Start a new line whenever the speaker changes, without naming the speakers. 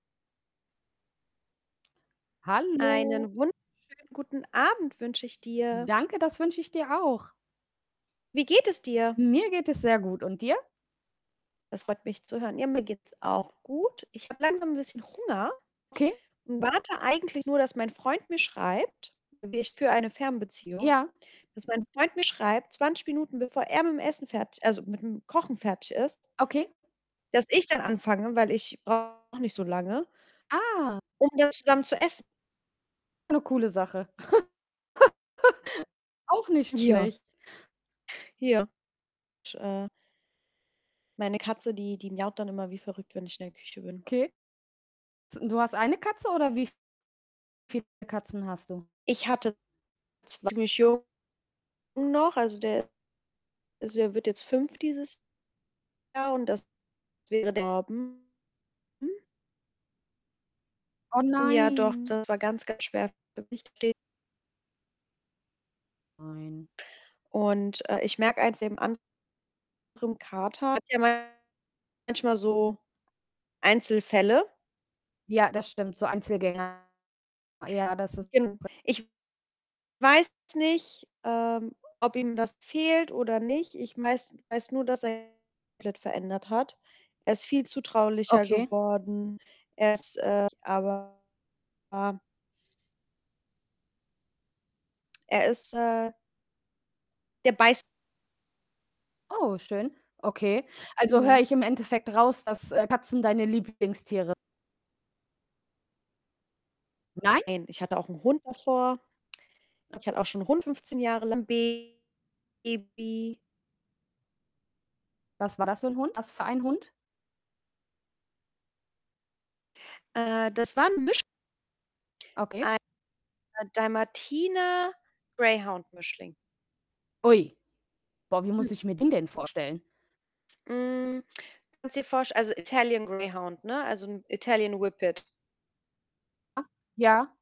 Hallo.
Einen wunderschönen guten Abend wünsche ich dir.
Danke, das wünsche ich dir auch.
Wie geht es dir?
Mir geht es sehr gut, und dir?
Das freut mich zu hören. Ja, mir geht's auch gut. Ich habe langsam 'n bisschen Hunger
Okay.
und warte eigentlich nur, dass mein Freund mir schreibt. Ich führe eine Fernbeziehung,
Ja.
dass mein Freund mir schreibt, 20 Minuten bevor er mit'm Essen fertig also mit'm Kochen fertig ist
Okay.
dass ich dann anfange, weil ich brauche nicht so lange
Ah.
um dann zusammen zu essen.
'Ne coole Sache. Auch nicht
Ja.
schlecht.
Ja, sch äh meine Katze, die die miaut dann immer wie verrückt, wenn ich in der Küche bin.
Okay. [unintelligible] du hast eine Katze oder wie viele Katzen hast du?
Ich hatte [unintelligible] noch. Also, der also, der wird jetzt 5 dieses Jahr und das wäre der [unintelligible]
Oh
Ja doch,
nein.
das war ganz, ganz schwer für mich [unintelligible]
Ein.
Und, äh, ich merke [unintelligible] dem anderen Kater, [unintelligible] manchmal so Einzelfälle.
Ja, das stimmt, so Einzelgänger. Ja, das ist
Gen
[unintelligible]
ich weiß nicht, ähm, ob ihm das fehlt oder nicht. Ich weiß weiß nur, dass er [unintelligible] komplett verändert hat. Er ist viel zutraulicher
Okay.
geworden. Er ist, äh, [unintelligible] aber ja. Er ist, äh der beißt
Oh, schön. Okay. Also, höre
Mhm.
ich im Endeffekt raus, dass, äh, Katzen deine Lieblingstiere Nein?
Nein, ich hatte auch 'n Hund davor. Ich
Okay.
hatte auch schon 'n Hund 15 Jahre lang. Baby.
Was war das für 'n Hund? Was für ein Hund?
Äh, das war 'n Misch
Okay.
ei Dalmatiner-Greyhound-Mischling.
Ui. Boah, wie muss
Hm.
ich mir den denn vorstellen?
Hm, kannst dir vorst also, Italian Greyhound, ne, also, 'n Italian Whippet.
Ah. Ja.